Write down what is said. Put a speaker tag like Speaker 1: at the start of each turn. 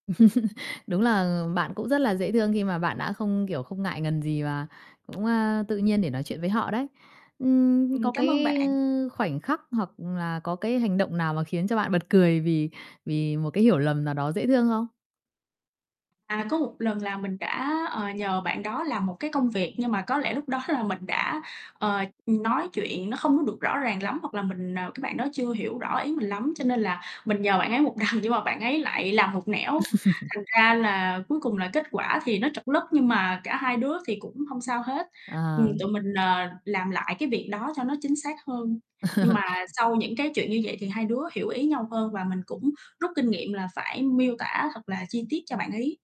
Speaker 1: Đúng là, ừm, bạn cũng rất là dễ thương khi mà bạn đã không, kiểu, không ngại ngần gì, và cũng, à, tự nhiên để nói chuyện với họ đấy. Ừm, có
Speaker 2: Ừm, cám ơn
Speaker 1: cái,
Speaker 2: bạn.
Speaker 1: ơ, khoảnh khắc hoặc là có cái hành động nào mà khiến cho bạn bật cười vì vì một cái hiểu lầm nào đó dễ thương không?
Speaker 2: À, có một lần là mình đã, ờ, nhờ bạn đó làm một cái công việc, nhưng mà có lẽ lúc đó là mình đã, ờ, ừm, nói chuyện nó không có được rõ ràng lắm, hoặc là mình ờ, cái bạn đó chưa hiểu rõ ý mình lắm, cho nên là mình nhờ bạn ấy một đằng, nhưng mà bạn ấy lại làm một nẻo. Thành ra là cuối cùng là kết quả thì nó trật lất, nhưng mà cả hai đứa thì cũng hông sao hết, ừm,
Speaker 1: À.
Speaker 2: tụi mình, ờ, làm lại cái việc đó cho nó chính xác hơn. Nhưng mà sau những, cái, chuyện như vậy thì hai đứa hiểu ý nhau hơn và mình cũng rút kinh nghiệm là phải miêu tả thật là chi tiết cho bạn ấy.